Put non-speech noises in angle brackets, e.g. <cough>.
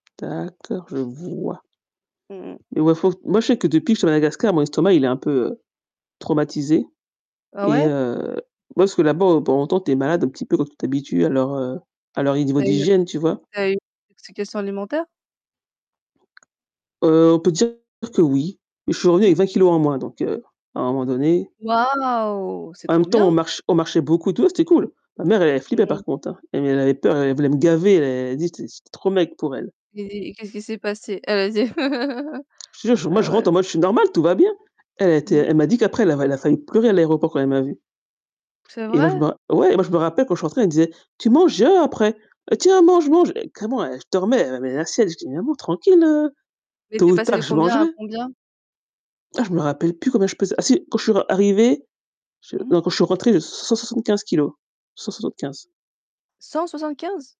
D'accord, je vois. Mmh. Mais moi faut moi je sais que depuis que suis à Madagascar, mon estomac, il est un peu, heu, traumatisé Ah et ouais? heu, moi parce que là-bas, bon, on tombe, tu es malade un petit peu quand tu t'habitues à leur, heu, à leur niveau Tu as une d'hygiène, tu vois? tu as eu une, heu, intoxication alimentaire? Heu, on peut dire que oui, mais je suis revenu Mmh. avec 20 kilos en moins, donc, heu, à un moment donné. Waouh! C'est En même trop temps, bien. on marche on marchait beaucoup donc c'était cool. Ma mère, elle Mmh flippait mh. par contre, hein. Elle heu, elle avait peur, elle voulait me gaver, elle elle a dit j'étais j'étais trop maigre pour elle. Et et qu'est-ce qui s'est passé? Ah vas-y. <laughs> Je te jure moi Ah je rentre ouais. en mode, je suis normale, tout va bien. Elle, elle a été, Mmh. elle m'a dit qu'après elle avait, elle a failli pleurer à l'aéroport quand elle m'a vue C'est Et moi je vrai? me ouais et moi je me rappelle quand je rentrée, elle me disait: «Tu manges après. Tiens mange, mange», carrément, eh je dormais, mais la sieste, je dis: «Maman tranquille, heu, Mais tôt tu es ou passée tard de je combien mangerai». à combien? Ah je me rappelle plus combien je pesais Ah si! Quand je suis re arrivée, je Mmh non mh. quand je suis rentrée 175 kilos. 175?